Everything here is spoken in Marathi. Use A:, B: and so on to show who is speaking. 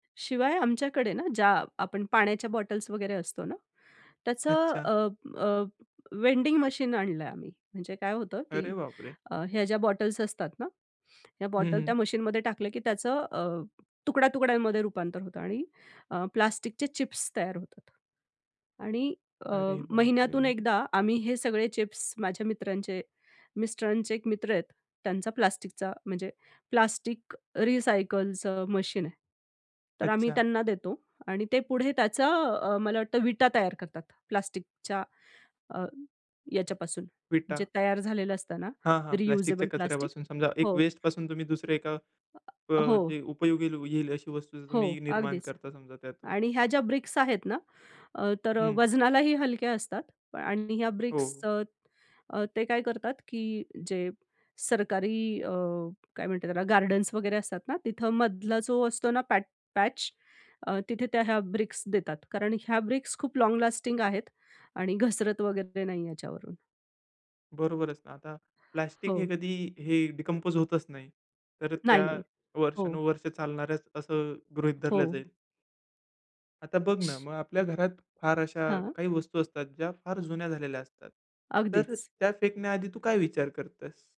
A: शिवाय आमच्याकडे ना, ज्या आपण पाण्याच्या बॉटल्स वगैरे असतो ना. त्याचं
B: अच्छा.
A: अ, अ, वेंडिंग मशीन आणलंय आम्ही. म्हणजे काय होतं, की
B: अरे बापरे!
A: अ, ह्या ज्या बॉटल्स असतात ना, ह्या
B: हं,
A: बॉटल त्या
B: हं.
A: मशीनमध्ये टाकलं की त्याचं अ, तुकड्या-तुकड्यांमध्ये रुपांतर होतं आणि अ, प्लास्टिकचे चिप्स तयार होतात आणि अ,
B: अरे बापरे!
A: महिन्यातून
B: म्हणजे
A: एकदा आम्ही हे सगळे चिप्स माझ्या मित्रांचे, मिस्टरांचे एक मित्र आहेत, त्यांचा प्लास्टिकचा म्हणजे प्लास्टिक रिसायकलचं मशीन आहे. तर आम्ही
B: अच्छा.
A: त्यांना देतो आणि ते पुढे त्याचं अ, मला वाटतं विटा तयार करतात. प्लास्टिकच्या अ, ह्याच्यापासून जे
B: विटा.
A: तयार झालेलं असताना
B: हां, हां
A: रियुजेबल
B: प्लास्टिकच्या
A: प्लास्टिक
B: कचऱ्यापासून समजा एक
A: हो.
B: वेस्टपासून तुम्ही दुसऱ्या एका अ,
A: हो.
B: जे उपयोगी लू येईल अशी वस्तू
A: हो,
B: तुम्ही निर्माण
A: अगदीच
B: करता समजा त्यातून.
A: आणि ह्या ज्या ब्रिक्स आहेतना, अ, तर
B: हं.
A: वजनालाही हलक्या असतात आणि ह्या
B: हो.
A: ब्रिक्सच अ, ते काय करतात की जे सरकारी अ, काय म्हणतात त्याला गार्डन्स वगेरे असतात ना, तिथं मधला जो असतो ना पॅट पॅच अ, तिथे त्या ह्या ब्रिक्स देतात. कारण ह्या ब्रिक्स खूप लाँग लास्टिंग आहेत आणि घसरत वगेरे नाही याच्यावरून.
B: बरोबरच ना. आता प्लास्टिक हे
A: हो.
B: कधी हे डिकंपोज होतच नाही. तर त्या
A: नाही-नाही. हो.
B: वर्षानुवर्षे चालणाऱ्याच असं गृहीत धरलं
A: हो.
B: जाईल. आता बघ ना, मग आपल्या घरात फार अशा
A: हां.
B: काही वस्तू असतात ज्या फार जुन्या झालेल्या असतात. तर
A: अगदीच.
B: त्या फेकण्याआधी तू काय विचार करतेस?